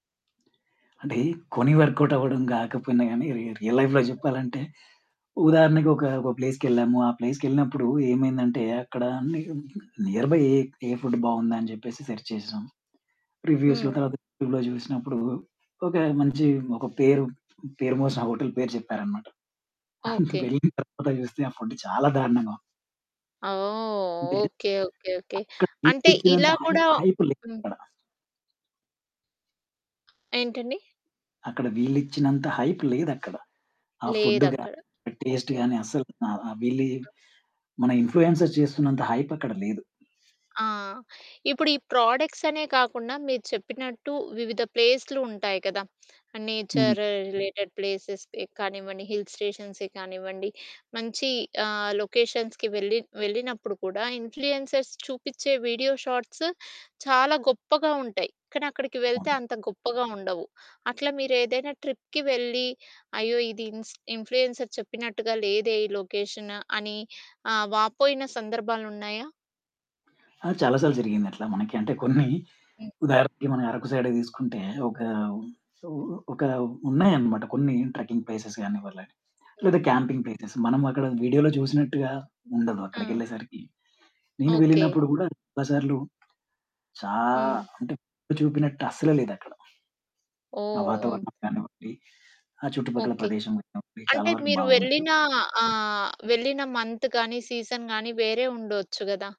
అంటే కొని వర్కౌట్ అవ్వడం గాకపోయినా గానీ రీ రియల్ లైఫ్‌లో జెప్పాలంటే ఉదాహరణకు ఒక ఒక ప్లేస్‌కెళ్ళాము. ఆ ప్లేస్‌కెళ్ళినప్పుడు ఏమైందంటే అక్కడ ని నియర్‌బై ఏ‌ ఏ ఫుడ్ బావుందా అని జెప్పేసి సెర్చ్ చేసాం. రివ్యూస్‌లో హ్మ్. తర్వాత యూట్యూబ్‌లో చూసినప్పుడు ఒక మంచి ఒక పేరు పేరు మోసిన ఆ హోటల్ పేరు జెప్పారన్నమాట. ఓకే. వెళ్ళిన తర్వాత చూస్తే ఆ ఫుడ్ చాలా దారుణంగా వుంది. అ! ఓహ్! అంటే ఓకే. ఓకే. ఓకే. అక్కడ వీళ్ళు అంటే ఇచ్చినంత ఇలా కూడా హై‌ప్ హైప్ హ్మ్. లేదక్కడ. ఏంటండి? అక్కడ వీళ్ళు ఇచ్చినంత హైప్ లేదక్కడ. ఆ ఫుడ్డు లేదక్కడ. గాని టేస్ట్‌ ఓకే. గాని అసలు ఆహ్, ఆహ్, వీళ్ళు ఈ మన ఇన్‌ఫ్లుయెన్సర్స్ చేస్తున్నంత హైప్ అక్కడ లేదు. ఆ! ఇప్పుడు ఈ ప్రాడక్ట్స్ అనే కాకుండా మీరు చెప్పినట్టు వివిధ ప్లేస్లు ఉంటాయి కదా! ఆ హ్మ్. నేచర్ రిలేటెడ్ ప్లేసెస్ కానివ్వండి హిల్ స్టేషన్సే కానివ్వండి మంచి ఆహ్, లొకేషన్స్‌కి వెళ్ళి వెళ్ళినప్పుడు కూడా ఇన్‌ఫ్లుయెన్సర్స్ చూపిచ్చే వీడియో షార్ట్స్ చాలా గొప్పగా ఉంటాయి. కానీ అక్కడికి వెళ్తే [unintelligible] అంత గొప్పగా ఉండవు. అట్లా మీరు ఏదైనా ట్రిప్‌కి వెళ్ళి అయ్యో! ఇది ఇన్స్ ఇన్‌ఫ్లుయెన్సర్‌ చెప్పినట్టుగా లేదే ఈ లొకేషన్ అని ఆహ్, వాపోయిన సందర్భాలు ఉన్నాయా? ఆ! చాలా సార్లు జరిగింది అట్లా మనకి. అంటే కొన్ని హ్మ్. ఉదాహరణకి మన‌ 'అరకు' సైడ్ దీసుకుంటే ఒకా ఒకా ఉన్నాయన్నమాట కొన్ని ట్రక్కింగ్ ప్లేసెస్‌ గాని‌వ్వర్ల లేదా హ్మ్. క్యాంపింగ్ ప్లేసేస్ మన‌మక్కడ వీడియో‌లో చూసినట్టుగా ఉండదు. ఆ! అక్కడికెళ్ళేసరికి నేను ఓకే. వెళ్ళినప్పుడు గూడాచాలాసార్లు చా హ్మ్. అంటే చూపినట్టు అసల లేదక్కడ. ఆ! ఓహ్! వాతావరణం గానివ్వండి ఆ! చుట్టుపక్కల ఓకే. ప్రదేశం గానివ్వండి చాలా అంటే వరకు మీరు బావుండదు. వెళ్ళిన ఆహ్, వెళ్ళిన మంత్‌ గాని సీజన్‌ గాని వేరే ఉండొచ్చు గదా!